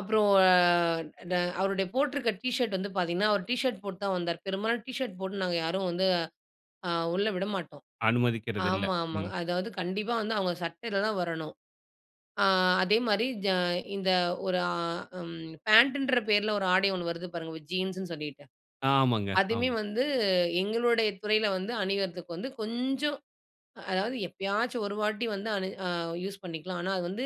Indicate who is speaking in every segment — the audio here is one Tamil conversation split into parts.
Speaker 1: அப்புறம் அ ட அவருடைய போட்டிருக்க டீ ஷர்ட் வந்து பார்த்தீங்ன்னா, அவர் டீ ஷர்ட் போட்டு தான் வந்தாரு. பெரும்பாலான டீ ஷர்ட் போட்டு நாங்க யாரும் வந்து அ உள்ள விடமாட்டோம்.
Speaker 2: அனுமதிக்கிறதில்ல.
Speaker 1: ஆமா, ஆமா.
Speaker 2: ம்.
Speaker 1: அதாவது கண்டிப்பா வந்து அவுங்க சட்டையில தான் வரணும். அ அதேமாரி ஜ இந்த ஒரு ஆ ம் பேண்ட்டுன்ற பெயர்ல ஒரு ஆடை ஒன்னு வருது பாருங்க. ஜீன்ஸ்ன்னு சொல்லிட்டு.
Speaker 2: ஆமாங்க.
Speaker 1: அதுவுமே
Speaker 2: ஆமா.
Speaker 1: வந்து எங்களுடைய துறையில வந்து அணியிறதுக்கு வந்து கொஞ்சம் அதாவது எப்பயாச்சும் ஒரு வாட்டி வந்து அணி அ யூஸ் பண்ணிக்கலாம். ஆனா அது வந்து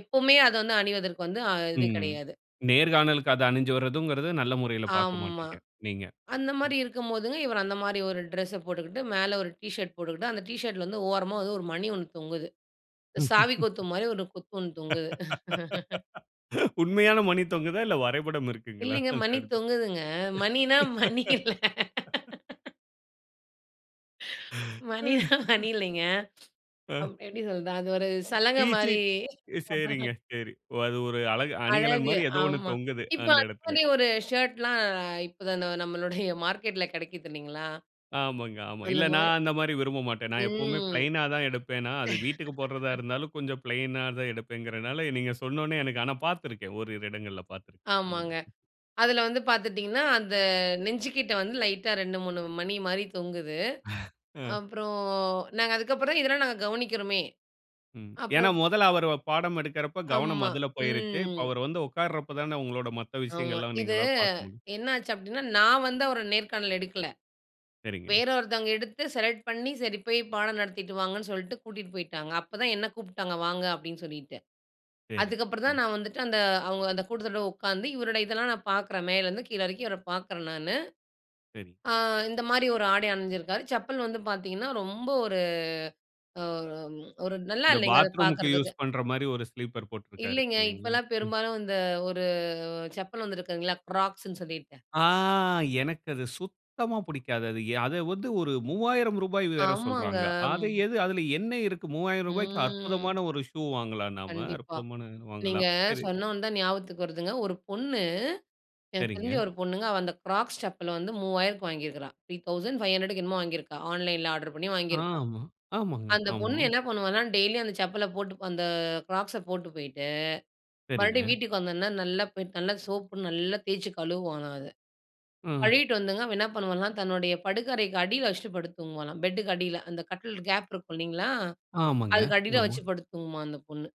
Speaker 1: எப்பவுமே அத வந்து அணிவதற்கு வந்து அ
Speaker 2: ம்.
Speaker 1: இது
Speaker 2: ம்.
Speaker 1: கிடையாது.
Speaker 2: நேர்காணலுக்கு அது அணிஞ்சு வர்றதுங்கிறது நல்ல முறையில பார்க்க
Speaker 1: ஆமா.
Speaker 2: மாட்டீங்க. நீங்க
Speaker 1: அந்த மாதிரி இருக்கும்போதுங்க, இவரு அந்தமாரி ஒரு டிரெஸ்ஸ போட்டுக்கிட்டு மேலே ஒரு டி-ஷர்ட் போட்டுக்கிட்டு அந்த டி-ஷர்ட் ல வந்து ஓரமா ஒரு மணி ஒன்னு தொங்குது. சாவி கொத்துமாரி ஒரு கொத்து ஒன்னு தொங்குது
Speaker 2: உண்மையான மணி தொங்குதா? இல்ல வரைபடம் இருக்குங்களா?
Speaker 1: இல்லீங்க
Speaker 2: அந்த
Speaker 1: மணி
Speaker 2: இடத்தில.
Speaker 1: தொங்குதுங்க. மணினா மணி இல்ல. மணின்னா மணி
Speaker 2: ஐயோ
Speaker 1: இல்லேங்க,
Speaker 2: அ.
Speaker 1: அவ் எப்பிடி சொல்றது? அது ஒரு சலங்க மாரி
Speaker 2: டீச்சிங் எ சரிங்க சரி. ஓ அது ஒரு அழகு
Speaker 1: அழகு
Speaker 2: அணிகலன்மாரி ஏதோ ஒன்னு
Speaker 1: ஆமா.
Speaker 2: தொங்குது
Speaker 1: இப்போ
Speaker 2: அந்த இடத்துல.
Speaker 1: அந்தமாரி ஒரு ஷர்ட்லாம் இப்பதான் ந நம்மளுடைய மார்க்கெட்ல கெடைக்குது இல்லேங்களா!
Speaker 2: ஆமாங்க, ஆமா. இல்ல
Speaker 1: அந்தமாரி.
Speaker 2: நான் அந்தமாரி விரும்ப மாட்டேன். நான் எப்பவுமே
Speaker 1: ம்.
Speaker 2: பிளைன்னா தான் எடுப்பேனா, அது வீட்டுக்கு போட்றதா இருந்தாலும் கொஞ்சம் பிளைன்னா தான் எடுப்பேன்ங்கினால, நீங்க சொன்னவோனே எனக்கு ஆனா பார்த்திருக்கேன். ஓரிரு இடங்கள்ல பார்த்திருக்கேன். அந்த
Speaker 1: ஆமாங்க.
Speaker 2: மாரி.
Speaker 1: அதுல வந்து பார்த்துட்டீங்கன்னா, அந்த நெஞ்சுகிட்டே வந்து லைட்டா 2, 3 மணிமாரி தொங்குது.
Speaker 2: அ.
Speaker 1: அப்புறம், நாங்க அதுக்கப்புறம் இதெல்லாம் நாங்க கவனிக்கிறோமே!
Speaker 2: ம். ஏன்னா,
Speaker 1: அப்புறம்
Speaker 2: மொதல்ல அவரு ப பாடம் எடுக்கிறப்ப கவனம்
Speaker 1: ஆமா.
Speaker 2: அதில போயிருச்சு. இப்போ
Speaker 1: ம்.
Speaker 2: அவரு வந்து உட்கார்றப்ப தான உங்களோட மத்த
Speaker 1: ஆமா.
Speaker 2: விஷயங்கள்லாம்
Speaker 1: இது
Speaker 2: நீங்கள்லா பார்க்க முடியும்.
Speaker 1: என்ன ஆச்சு அப்பிடின்னா, நான் வந்து அவர நேர்காணல் எடுக்கல.
Speaker 2: சரிங்க.
Speaker 1: வேற ஒருத்தவங்க எடுத்து செலக்ட் பண்ணி சரி போய் பாடம் நடத்திட்டு வாங்கன்னு சொல்லிட்டு கூட்டீட்டு போயிட்டாங்க. அப்போ தான் என்ன கூப்ட்டாங்க. வாங்க அப்பிடின்னு சொல்லிட்டு.
Speaker 2: சரி.
Speaker 1: அதுக்கு அப்புறம்
Speaker 2: ம்.
Speaker 1: தான் நான் வந்துட்டு அந்த அவுங்க அந்த கூட்டத்தோட உக்காந்து இவருடைய இதெல்லாம் நான் பாக்கறேன். மேல இருந்து கீழ இறக்கி இவர பாக்கறேன் நானு.
Speaker 2: சரி.
Speaker 1: ஆ இந்தமாரி ஒரு ஆடை அணிஞ்சிருக்காரு. செப்பல் வந்து பார்த்தீங்கன்னா ரொம்ப ஒரு அ ஒரு, ஒரு நல்லா
Speaker 2: இந்த
Speaker 1: இல்லேங்க அது
Speaker 2: பாத்ரூம்க்கு யூசு
Speaker 1: பாக்கறதுக்கு.
Speaker 2: பண்றமாரி ஒரு ஸ்லீப்பர் போட்ருக்காரு.
Speaker 1: இல்லேங்க.
Speaker 2: இல்லீங்களா?
Speaker 1: இப்பலாம்
Speaker 2: ம்.
Speaker 1: பெரும்பாலும் இந்த ஒரு செப்பல் வந்திருக்குதுங்களா! க்ராக்ஸ்ன்னு சொல்லிட்டு.
Speaker 2: ஆ, எனக்கு அது சுத்தமா பிடிக்காது. அது ய அத வந்து ஒரு ரூ.3000 வேற
Speaker 1: ஆமாங்க.
Speaker 2: சொல்றாங்க. அது எது அதில என்ன இருக்கு ரூ.3000க்கு
Speaker 1: ம்.
Speaker 2: அற்புதமான ஒரு ஷூ வாங்கலாம் நாம.
Speaker 1: கண்டிப்பா.
Speaker 2: அற்புதமான
Speaker 1: நீங்க
Speaker 2: வாங்கலாம். சரி.
Speaker 1: சொன்ன உடனே தான் ஞாபகத்துக்கு வருதுங்க. ஒரு பொண்ணு எனக்கு தெரிஞ்ச
Speaker 2: சரிங்க.
Speaker 1: ஒரு பொண்ணுங்க. அவ அந்த க்ராக்ஸ் செப்பல் வந்து ரூ.3000க்கு வாங்கியிருக்கா! ரூ.3,500க்கு என்னமோ வாங்கியிருக்கா! ஆன்லைன்ல ஆர்டர் பண்ணி வாங்கியிருக்கா!
Speaker 2: ஆமா. ஆமாங்க.
Speaker 1: அந்த
Speaker 2: ஆமா.
Speaker 1: பொண்ணு என்ன பண்ணுவான்னா, டெய்லியும் அந்த செப்பல போட்டு, அந்த க்ராக்ஸை போட்டு போயிட்டு மறுபடியும்
Speaker 2: சரிங்க.
Speaker 1: வீட்டுக்கு வந்தோன்னே நல்லா போயிட்டு நல்லா சோப்பு நல்லா தேச்சு கழுவுவாளாம் அத.
Speaker 2: ம்.
Speaker 1: கழுவீட்டு வந்துங்க அவ என்ன பண்ணுவாளாம்? தன்னுடைய படுக்க அறைக்கு அடியில வச்சுட்டு படுத்து தூங்குவாளாம். பெட்டுக்கு அடியில. அந்த கட்டில் கேப் இருக்கும். இல்லேங்களா!
Speaker 2: ஆமாங்க.
Speaker 1: அதுக்கு அடியில
Speaker 2: ஆமா.
Speaker 1: வச்சு படுத்து தூங்குமா அந்த பொண்ணு.